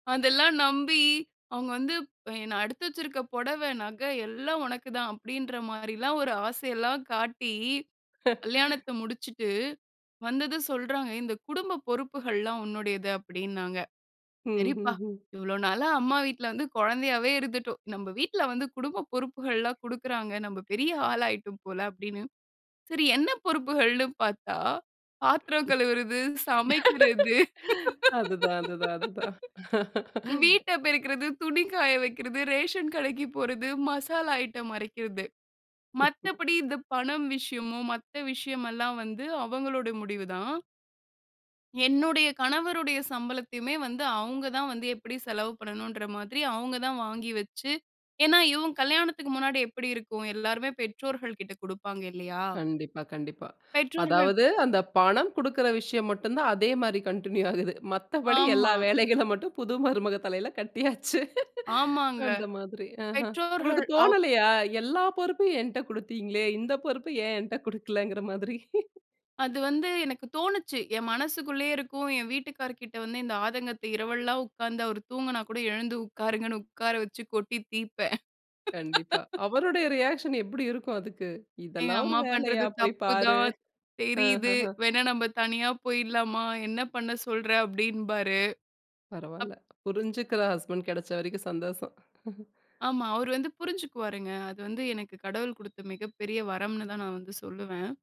அதெல்லாம் நம்பி அவங்க வந்து ப் என்ன, "நான் எடுத்து வச்சுருக்க புடவை நகை எல்லாம் உனக்கு தான்." அப்படீன்ற மாரில்லாம் ஒரு ஆசையல்லாம் காட்டி கல்யாணத்தை முடிச்சுட்டு, வந்ததும் சொல்றாங்க. "ஏய் இந்த குடும்ப பொறுப்புகள்லாம் உன்னுடையது." அப்படீன்னாங்க. ஹ்ம் "சரிப்பா! ஹ்ம் ஹ்ம். இவ்ளோ நாளா அம்மா வீட்ல வந்து கொழந்தையாவே இருந்துட்டோம். நம்ப வீட்ல வந்து குடும்ப பொறுப்புகள்லாம் குடுக்கிறாங்க. நம்ப பெரிய ஆளாயிட்டோம் போல." அப்படீன்னு. சரி என்ன பொறுப்புகள்ன்னு பார்த்தா, பாத்திரம் கழுவுறது, சமைக்கிறது, அதுதான் அதுதான் அதுதான். வீட்ட பெருக்கறது, துணி காய வைக்கிறது, ரேஷன் கடைக்கு போறது, மசாலா ஐட்டம் அரைக்கறது. மத்தபடி இந்த பணம் விஷயமோ மத்த விஷயமல்லாம் வந்து அவங்களோட முடிவு தான். என்னுடைய கணவருடைய சம்பளத்தையுமே வந்து, அவங்க தான் வந்து எப்படி செலவு பண்ணனும்ன்ற மாதிரி அவங்க தான் வாங்கி வச்சு ஏன்னா இவன் கல்யாணத்துக்கு முன்னாடி எப்படி இருக்கும்? எல்லாருமே பெற்றோர்கள் கிட்ட குடுப்பாங்க இல்லையா? கண்டிப்பா, கண்டிப்பா. பெற்றோர்கள் அதாவது, "அந்த பணம் குடுக்கிற விஷயம் மட்டும் தான் அதே மாரி கன்டின்யூ ஆகுது. மத்தபடி எல்லா ஆமா. வேலைகள மட்டும் புது மருமக தலையில கட்டியாச்சு" ஆமாங்க. அந்த மாதிரி. அஹ. உங்களுக்கு பெற்றோர்கள் அவு தோணலையா, எல்லா பொறுப்பையும் என்ட்ட குடுத்தீங்களே. இந்த பொறுப்ப ஏன் என்ட்ட குடுக்கலங்கிற மாதிரி. அது வந்து எனக்கு தோணுச்சு. என் மனசுக்குள்ளயே இருக்கும். என் வீட்டுக்காரர் கிட்ட வந்து இந்த ஆதங்கத்த இரவல்லாம் உட்கார்ந்து அவர் தூங்குனா கூட, எழுந்து உட்காருங்கன்னு உட்கார வச்சு கொட்டி தீர்ப்பேன். கண்டிப்பா. அவருடைய ரியாக்ஷன் எப்படி இருக்கும் அதுக்கு? எங்க "இதெல்லாம் ஒரு அம்மா வேலையா? பண்ணுறது போய் தப்பு பாரு." தான், தெரியுது. ம்ஹ்ஹ்ம். வேணா நம்ப தனியா போயிடலாமா? என்ன பண்ண சொல்ற? அப்படீம்பாரு. அப் பரவால்ல. புரிஞ்சுக்கிற ஹஸ்பண்ட் கெடைச்ச வரைக்கும் சந்தோஷம். ஆமா. அவரு வந்து புரிஞ்சுக்குவாருங்க. அது வந்து எனக்கு கடவுள் குடுத்த மிகப்பெரிய வரம்ன்னு தான் நான் வந்து சொல்லுவேன்.